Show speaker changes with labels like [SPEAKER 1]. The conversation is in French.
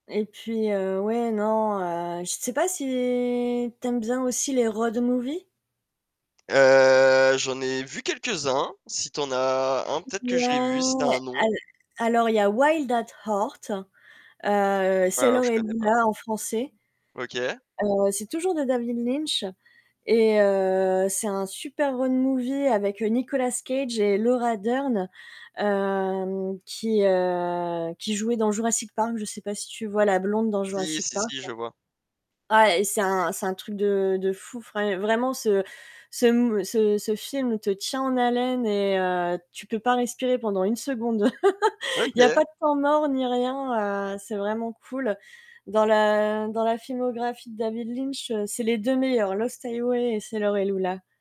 [SPEAKER 1] Et puis, heu, ouais non heu, je sais pas si tu aimes bien aussi les road movies?
[SPEAKER 2] Heu, j'en ai vu quelques-uns. Si tu en as un peut-être que je l'ai vu, si tu as un
[SPEAKER 1] Ouais,
[SPEAKER 2] nom.
[SPEAKER 1] al alors il y a Wild At Heart, heu,
[SPEAKER 2] Alors,
[SPEAKER 1] Sailor
[SPEAKER 2] je
[SPEAKER 1] et
[SPEAKER 2] connais pas.
[SPEAKER 1] Lula en français.
[SPEAKER 2] OK.
[SPEAKER 1] Heu, c'est toujours de David Lynch, et heu, c'est un super road movie avec Nicolas Cage et Laura Durn, hem, qui, heu, qui jouait dans Jurassic Park. Je sais pas si tu vois la blonde dans
[SPEAKER 2] Si
[SPEAKER 1] Jurassic
[SPEAKER 2] si
[SPEAKER 1] Park.
[SPEAKER 2] si
[SPEAKER 1] Ouais,
[SPEAKER 2] je vois.
[SPEAKER 1] ah et c'est un c'est un truc de de fou, vrai vraiment ce ce mo ce ce film te tient en haleine et heu, tu peux pas respirer pendant 1 seconde. Il y a
[SPEAKER 2] OK.
[SPEAKER 1] pas de temps mort ni rien, heu, c'est vraiment cool. Dans la dans la filmographie de David Lynch, c'est les 2 meilleurs, Los Tayouay et c'est Sailor et Lula.